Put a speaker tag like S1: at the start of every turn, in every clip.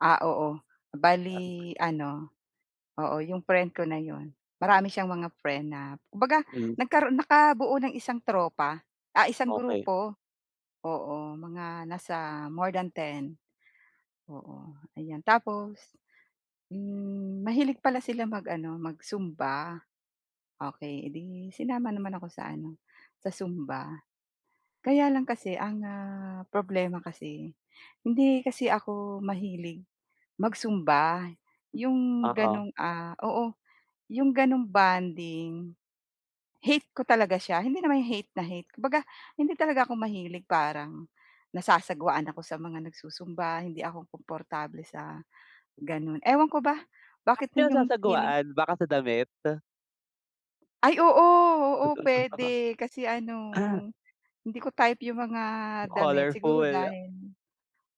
S1: Ah, oo.
S2: Tama.
S1: Bale ano oo, 'yong friend ko na 'yon, marami siyang mga friend na kumbaga,
S2: Mm.
S1: nagkaroon nakabuo ng isang tropa, ah, isang
S2: Okey.
S1: grupo. Oo, mga nasa more than 10. Oo. Ayan. Tapos, mm, mahilig pala sila mag-ano, mag-zumba. Okey, e 'di sinama naman ako sa ano, sa zumba. Kaya lang kasi ang, ah, problema kasi, hindi kasi ako mahilig mag-zumba. Yung
S2: Oo.
S1: gano'ng, ah, oo, yung gano'ng bonding, hate ko talaga siya. Hindi naman yung hate na hate. Kumbaga, hindi talaga ako mahilig. Parang nasasagwaan ako sa mga nagsu-zumba, hindi ako komportable sa gano'n. Ewan ko ba
S2: Ba't
S1: bakit
S2: ka
S1: ganun 'yong feeling.
S2: nasasagwaan? Baka sa damit?
S1: Ay oo! Oo, puwede. Kasi ano, 'yong hindi ko type 'yong mga damit. Siguro
S2: Colorful.
S1: dahil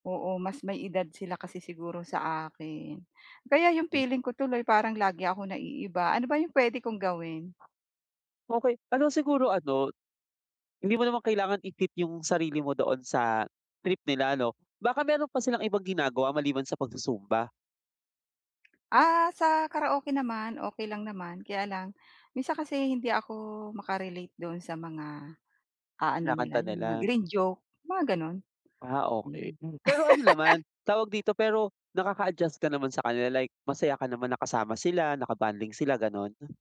S1: oo, mas may edad sila kasi siguro sa akin. Kaya 'yong
S2: Mm.
S1: feeling ko tuloy parang lagi ako naiiba. Ano ba 'yong puwede kong gawin?
S2: Okey. Ano siguro ano, hindi mo naman kailangan i-fit yung sarili mo doon sa trip nila 'no. Baka meron pa silang ibang ginagawa maliban sa pagsu-zumba?
S1: Ah, sa karaoke naman okey lang naman. Kaya lang minsan kasi hindi ako maka-relate do'n sa mga, ah, ano nila,
S2: Kinakanta
S1: 'yong mga
S2: nila?
S1: green joke, mga gano'n.
S2: Ah, okey.
S1: Mm.
S2: Mm, pero ano naman, tawag dito? Pero nakaka-adjust ka naman sa kanila like masaya ka naman na kasama sila, na ka-bonding sila, gano'n?